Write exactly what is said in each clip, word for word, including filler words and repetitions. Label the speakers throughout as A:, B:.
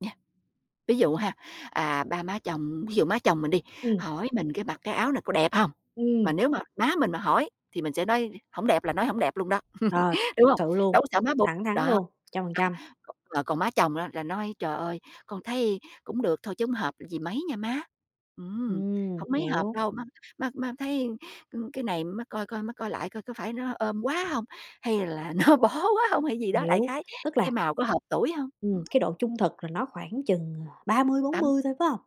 A: Nha, ví dụ ha, à, ba má chồng ví dụ má chồng mình đi,
B: Ừm.
A: hỏi mình cái: "Mặc cái áo này có đẹp hông?"
B: Ừm.
A: Mà nếu mà má mình mà hỏi thì mình sẽ nói: "Hổng đẹp" là nói "Hổng đẹp" luôn đó.
B: Ờ, thực
A: Đúng hông?
B: sự luôn,
A: Đâu có sợ má buồn,
B: thẳng thắn
A: đó.
B: luôn, trăm phần trăm.
A: Còn mà còn má chồng á là nói: "Trời ơi, con thấy cũng được thôi, chứ hông hợp gì mấy nha má. Ừm,
B: Ừm,
A: hổng mấy hợp
B: hiểu.
A: đâu, má má má thấy, ừm, cái này má coi coi, má coi lại coi có phải nó ôm quá hông? Hay là nó bó quá hông?" hay gì đó, đại
B: Hiểu,
A: khái:
B: tức
A: "Cái
B: là
A: màu có hợp tuổi hông?"
B: Ừm,
A: Ứm.
B: cái độ trung thực là nó khoảng chừng, à, ba mươi bốn
A: Tám
B: mươi thôi, phải hông?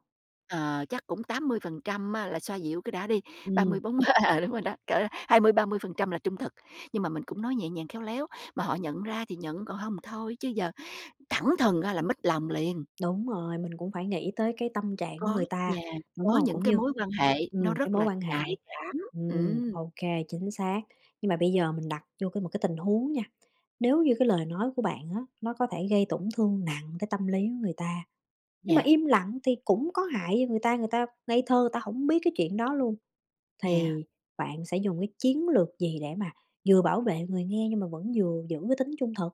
A: ờ, chắc cũng tám mươi phần trăm á là xoa dịu cái đã đi, ba mươi
B: Ừm.
A: bốn mươi à, đúng rồi đó, cỡ hai mươi ba mươi phần trăm là trung thực, nhưng mà mình cũng nói nhẹ nhàng, khéo léo, mà họ nhận ra thì nhận, còn hông thì thôi, chứ giờ thẳng thừng á là mếch lòng liền.
B: Đúng rồi, mình cũng phải nghĩ tới cái tâm trạng của
A: Có
B: người ta,
A: yeah,
B: đúng
A: có
B: hông?
A: những
B: Cũng
A: cái
B: như,
A: mối quan hệ nó
B: ừm, cái
A: rất
B: mối
A: là
B: quan
A: nhạy
B: hệ.
A: cảm,
B: Ừm,
A: ừm.
B: ô kê, chính xác. Nhưng mà bây giờ mình đặt vô cái một cái tình huống nha, nếu như cái lời nói của bạn á nó có thể gây tổn thương nặng tới tâm lý của người ta, nhưng mà
A: Yeah.
B: im lặng thì cũng có hại cho người ta, người ta ngây thơ người ta hổng biết cái chuyện đó luôn
A: Yeah.
B: thì bạn sẽ dùng cái chiến lược gì để mà vừa bảo vệ người nghe nhưng mà vẫn vừa giữ cái tính trung thực?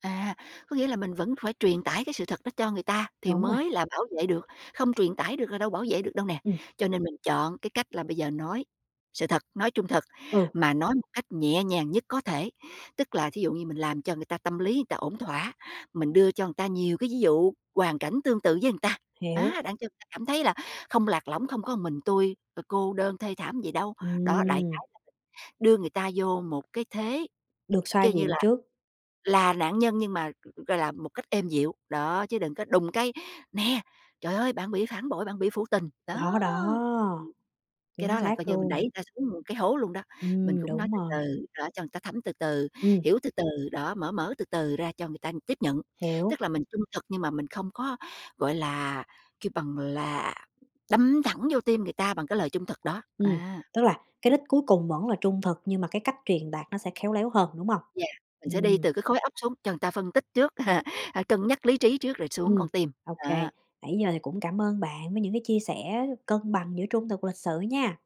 A: À, có nghĩa là mình vẫn phải truyền tải cái sự thật đó cho người ta thì
B: Đúng rồi.
A: mới là bảo vệ được, không truyền tải được là đâu bảo vệ được đâu nè,
B: Ừm.
A: cho nên mình chọn cái cách là bây giờ nói sự thật, nói trung thực,
B: Ừ.
A: mà nói một cách nhẹ nhàng nhất có thể. Tức là thí dụ như mình làm cho người ta tâm lý người ta ổn thỏa, mình đưa cho người ta nhiều cái ví dụ, hoàn cảnh tương tự với người ta,
B: Hiếu.
A: á, đặng cho người ta cảm thấy là không lạc lõng, không có một mình, tui, ờ, cô đơn thê thảm gì đâu. Đó, đại
B: Ừm.
A: khái là đưa người ta vô một cái thế,
B: Được xoa
A: kêu như
B: dịu
A: là
B: trước.
A: là nạn nhân, nhưng mà g gọi là một cách êm dịu, đó, chứ đừng có đùng cái, nè, trời ơi, bạn bị phản bội, bạn bị phụ tình, đó.
B: Đó, đó,
A: Cái
B: chính
A: đó là coi
B: xác
A: như mình đẩy
B: luôn.
A: người ta xuống cái hố luôn đó. Mình
B: Ừm,
A: cũng nói
B: đúng
A: từ
B: rồi.
A: từ, đó, cho người ta thấm từ từ,
B: Ừm.
A: hiểu từ từ, đó, mở mở từ từ ra cho người ta tiếp nhận.
B: Hiểu.
A: Tức là mình trung thực nhưng mà mình không có, gọi là, kêu bằng là, đâm thẳng vô tim người ta bằng cái lời trung thực đó,
B: Ừm,
A: à.
B: tức là cái đích cuối cùng vẫn là trung thực, nhưng mà cái cách truyền đạt nó sẽ khéo léo hơn, đúng hông?
A: Yeah, mình sẽ đi
B: Ừm.
A: từ cái khối óc xuống cho người ta phân tích trước, h cân nhắc lý trí trước rồi xuống
B: Ừm,
A: con tim,
B: ô kê.
A: đó.
B: Nãy giờ thì cũng cảm ơn bạn với những cái chia sẻ cân bằng giữa trung thực, lịch sự nha.